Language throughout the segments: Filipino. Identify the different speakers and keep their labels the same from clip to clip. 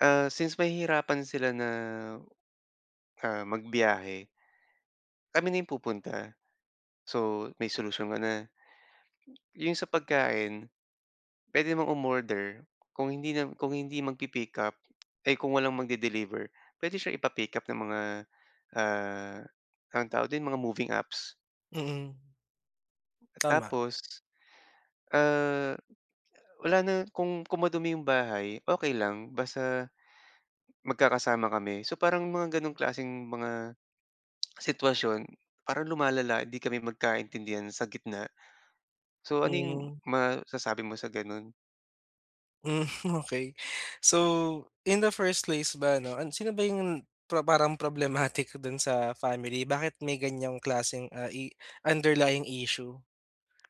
Speaker 1: Ah, since mahihirapan sila na ah magbiyahe kami na yung pupunta. So, may solusyon ka na. Yung sa pagkain pwede namang umorder kung hindi nam kung hindi magpi-pickup, ay kung walang magde-deliver, pwede siya ipa-pick up ng mga, ah, anong tawag dun? Mga moving apps.
Speaker 2: Mm. Tama.
Speaker 1: Tapos, ah, wala na kung kung madumi yung bahay okey lang, basta magkakasama kami. So, parang mga ganong klaseng mga sitwasyon, parang lumalala, hindi kami magkaintindihan sa gitna. So ano yung
Speaker 2: Hmm.
Speaker 1: masasabi mo sa ganun?
Speaker 2: Hmm okey. So, in the first place ba 'no, sino ba yung, parang problematic dun sa family, bakit may ganyang klaseng, ah, i underlying issue?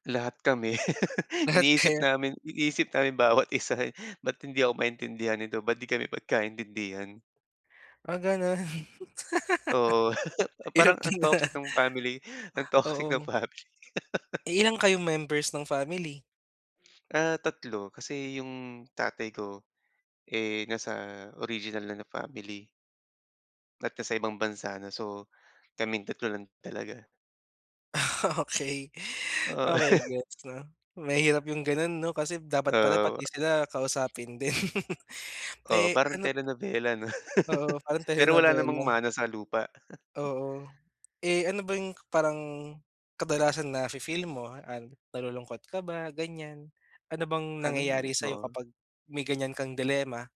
Speaker 1: Lahat kami.
Speaker 2: Lahat
Speaker 1: Iniisip
Speaker 2: kayo?
Speaker 1: namin, iniisip namin bawat isa eh. Ba't hindi ako maintindihan nito? Ba't di kami magkaintindihan?
Speaker 2: Ah, ganun.
Speaker 1: Oo.
Speaker 2: Hirap
Speaker 1: Parang ang
Speaker 2: nun ah.
Speaker 1: toxic ng family, ang toxic
Speaker 2: Oo.
Speaker 1: ng family.
Speaker 2: Eh, ilan kayong members ng family?
Speaker 1: Ah, 3 kasi yung tatay ko, eh, nasa original na, na family. At nasa ibang bansa na. So, kaming 3 lang talaga.
Speaker 2: Ah, okey.
Speaker 1: Oo.
Speaker 2: Okey, gets na. Mahirap yung ganun 'no kasi dapat pala
Speaker 1: Ah.
Speaker 2: pati sila kausapin din.
Speaker 1: Oo,
Speaker 2: Eh
Speaker 1: parang
Speaker 2: ano
Speaker 1: telenobela 'no.
Speaker 2: Oo, parang
Speaker 1: Pero wala namang
Speaker 2: telenobela.
Speaker 1: mana sa lupa.
Speaker 2: Oo. Eh, ano ba yung parang kadalasan nafe-feel mo, ah, nalulungkot ka ba, ganyan? Ano bang
Speaker 1: Ano eh,
Speaker 2: nangyayari sa'yo
Speaker 1: oo.
Speaker 2: kapag may ganyan kang dilemma?